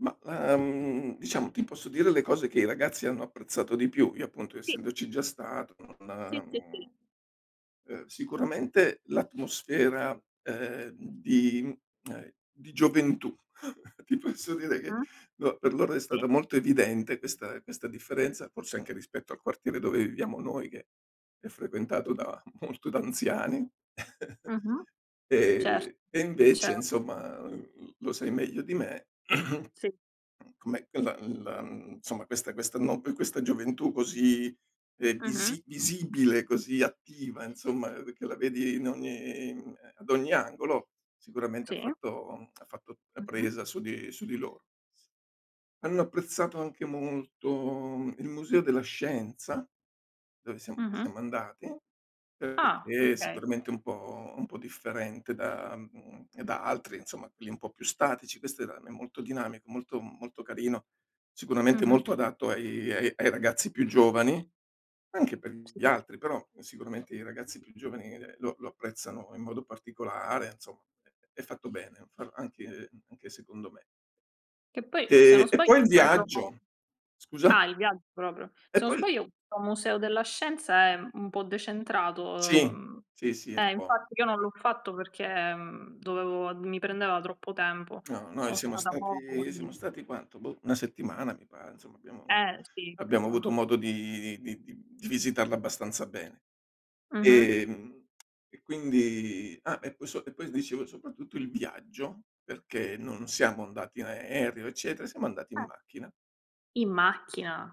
Mah, ehm, diciamo ti posso dire le cose che i ragazzi hanno apprezzato di più. Io appunto Sì. essendoci già stato, non Sì, sì, sì. mhmm, ehm, sicuramente l'atmosfera, ehm, di mhmm, ehm, di gioventù. Ti posso dire che, [unintelligible] no, per loro è Sì. stata molto evidente questa questa differenza, forse anche rispetto al quartiere dove viviamo noi che è frequentato [unintelligible] da molto da anziani. Mh-mh. Cer Ehm, e invece cer insomma, uhm, l lo sai meglio di me, Sì. com'è che la la mhmm, insomma questa questa no questa gioventù così, ehm, Mh-mh. visi visibile, così attiva insomma, che la vedi in ogni, mhmm, ehm, ad ogni angolo, sicuramente ha Sì. fatto ha fatto Mh-mh. presa su di su di loro. Hanno apprezzato anche molto il Museo della Scienza, dove siam Mh-mh. siamo andati, Ah, perché okay. sicuramente è un po' un po' differente da mhmm, da altri, insomma, quelli un po' più statici. Questo era n è molto dinamico, molto molto carino, sicuramente Mh-mh. molto adatto ai ai ai ragazzi più giovani, anche per gli Sì. altri, però sicuramente i ragazzi più giovani, ehm, lo lo apprezzano in modo particolare, insomma, è è fatto bene, fa anche, anche secondo me. Che poi, se non Eh, e sbaglio poi è il quello viaggio Scusa? Ah, il viaggio proprio? E Se non poi l sbaglio, [unintelligible] un museo della scienza è un po' decentrato, Sì, ehm sì, sì, è eh, fuor infatti io non fuo l'ho fatto perché, mhmm, dovevo mi prendeva troppo tempo. No, noi Sono siamo stata poco, stati lì. siamo stati quanto? Boh, una settimana mi pare. Insomma, abbiamo Eh, sì, abbiamo avuto co modo di di di di visitarla abbastanza bene. Mh-mh. Ehm, e quindi ah, e poi so e poi dicevo soprattutto il viaggio, perché non siamo andati in aereo eccetera, siamo andati in Eh. macchina. In macchina?